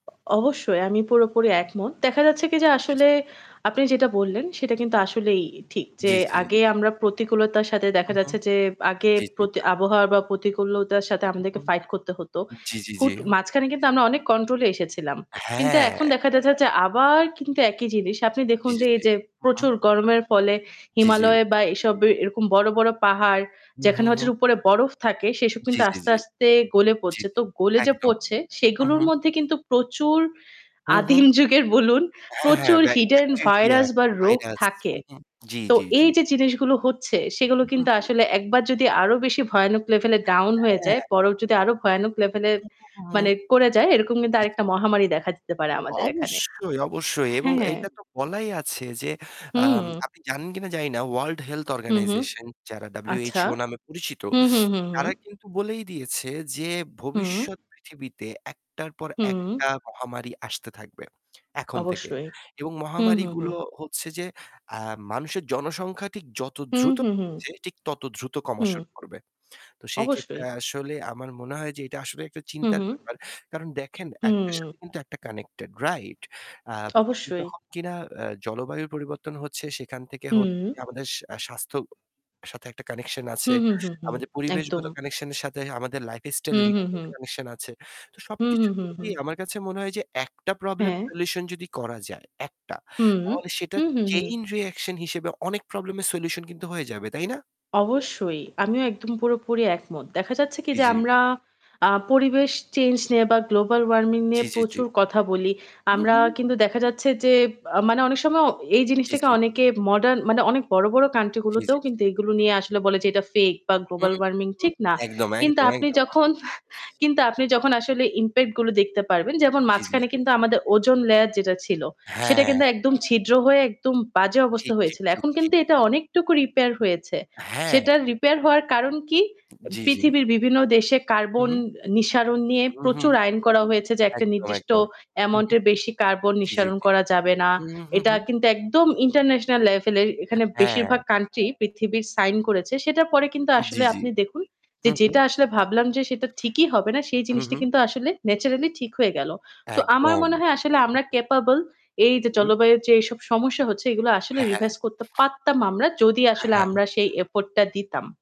অ অবশ্যই আমি পুরোপুরি একমত। দেখা যাচ্ছে কি? যে জি। আসলে আপনি যেটা বললেন সেটা কিন্তু আসলেই এ ঠিক। যে জি, জি। আগে আমরা প্রতিকূলতার সাথে হু, দেখা হু। যাচ্ছে যে আগে জি, জি। পতি আবহাওয়া বা প্রতিকূলতার সাথে হু, আমাদেরকে হু। সে fight করতে হতো। জি, জি, জি। হুট অ মাঝখানে কিন্তু আমরা অনেক control এ এসেছিলাম। কিন্তু হ্যাঁ। এখন দেখা যাচ্ছে যে আবার কিন্তু একই জিনিস। আপনি দেখুন জি, জি, যে জি। এইযে হু, প্রচুর হু। গরমের ফলে জি, জি। হিমালয় বা এইসব এ এরকম বড়, বড় পাহাড় ম হু, যেখানে হু, হচ্ছে হু। উপরে বরফ থাকে সেসব জি, কিন্তু জি, আস্তে, জি। আস্তে গলে জি, পড়ছে। জি। তো গলে যে একদম। পড়ছে হু, সেগুলোর হু। মধ্যে কিন্তু প্রচুর হু, হু? আদিম যুগের বলুন হ্যাঁ, হ্যাঁ। প্রচুর ব্যা hidden bacteria, virus বা রোগ virus। থাকে। হু, হু। জি, তো জি, জি। এইযে জিনিসগুলো হচ্ছে সেগুলো হু, হু, কিন্তু হু। আসলে একবার যদি আরও বেশি ভয়ানক level এ down হয়ে যায় হ্যাঁ। বরফ যদি আরও ভয়ানক level এ হু, হু, মানে হুউ। করে যায়, এরকম কিন্তু জি, জি। আরেকটা মহামারী দেখা দিতে পারে অ আমাদের এখানে অবশ্যই, অবশ্যই এবং হ্যাঁ। এটা তো বলাই আছে যে, আম হুম। আপনি জানেন কিনা জানিনা World Health হুম, হুম। Organization যারা আচ্ছা। WHO নামে পরিচিত, হুম, হুম, হুম। তারা কিন্তু বলেই দিয়েছে যে, হুম। ভবিষ্যৎ পৃথিবীতে একটার পর হুম। একটা মহামারী আসতে থাকবে এখন থেকে অবশ্যই। এবং হুম, হুম, মহামারীগুলো হুম। হচ্ছে যে আ মানুষের জনসংখ্যা ঠিক যত হুম, দ্রুত হুম, হু। ছে ঠিক তত দ্রুত কমা হুম। শুরু করবে। তো সেইক্ষেত্রে অবশ্যই। আসলে আমার মনে হয় যে এটা আসলে একটা হু, চিন্তার হুম। ব্যাপার। কারণ দেখেন একটার সাথে হুম। কিন্তু একটা connected, রাইট? আব এ অবশ্যই। যখন কিনা আ জলবায়ুর পরিবর্তন হচ্ছে সেখান থেকে হচ্ছে যে হুম। আমাদের সা স্বাস্থ্য সাথে একটা connection আছে। হুম, হুম, হুম, হুম। আমাদের পরিবেশগত একদম। connection এর সাথে আমাদের lifestyle হুম, [unintelligible] হুম, একটা হুম। connection আছে। তো হুম, সবকিছু হুম, হুম। মিলিয়ে আমার কাছে মনে হয় যে একটা প্রব্লেম হ্যাঁ। solution যদি করা যায়, একটা। হুম। তাহলে সেটা হু, হু, হুম। chain reaction হিসেবে অনেক প্রব্লেমের solution কিন্তু হয়ে যাবে, তাই না? অবশ্যই। আমিও একদম পুরোপুরি একমত। দেখা যাচ্ছে কি? জি, যে জি। আমরা আ পরিবেশ চেঞ্জ নিয়ে বা global warming নিয়ে জি, জি, জি। প্রচুর কথা বলি। হু, আমরা হু। কিন্তু দেখা যাচ্ছে যে বা মানে অনেক সময় এই জি, জিনিসটাকে জি, জি। অনেকে modern মানে অনেক বড়, বড় উ country জি, জি, গুলোতেও কিন্তু জি। এগুলো নিয়ে আসলে বলে যে এটা fake বা হু, global warming হু। ঠিক না। একদম, কিন্তু একদম, আপনি একদম। যখন হা আপনি যখন আসলে impact গুলো দেখতে পারবেন যেমন জি, জি, মাঝখানে জি। কিন্তু আমাদের ozone layer যেটা ছিল, সেটা হ্যাঁ। কিন্তু একদম ছিদ্র হয়ে একদম বাজে অবস্থা ঠিক, ঠিক, হয়েছিল। ঠিক, এখন ঠিক, কিন্তু এটা ঠিক। অনেকটুকু repair হয়েছে। হ্যাঁ। সেটা repair হওয়ার কারণ কি? উ এ জি, জি। পৃথিবীর বিভিন্ন দেশে carbon হু। আ নিঃসরণ নিয়ে উ হু। প্রচুর আইন করা হয়েছে যে একটা একদম, নির্দিষ্ট একদম। হু, হু। এমাউন্টের বেশি carbon জি, জি, নিঃসরণ জি। করা যাবে না। হুউ, হু, এটা হু। কিন্তু একদম international level এ আ এখানে বেশিরভাগ হ্যাঁ। country পৃথিবীর সাইন করেছে। সেটার পরে কিন্তু উ জি, আসলে জি। আপনি দেখুন হু, যে হু। যেটা আসলে ভাবলাম যে সেটা ঠিকই হবে না সেই জিনিসটি উ-হু। কিন্তু আসলে naturally ঠিক হয়ে গেল। তো আমার একদম। মনে হয় আসলে হু, আমরা হু। capable এইযে হু। জলবায়ুর যে এইসব সমস্যা হচ্ছে এগুলো আসলে হ্যাঁ, হ্যাঁ। revise করতে পারতাম আমরা যদি হ্যাঁ, আসলে হ্যাঁ। আমরা সেই effort টা দিতাম।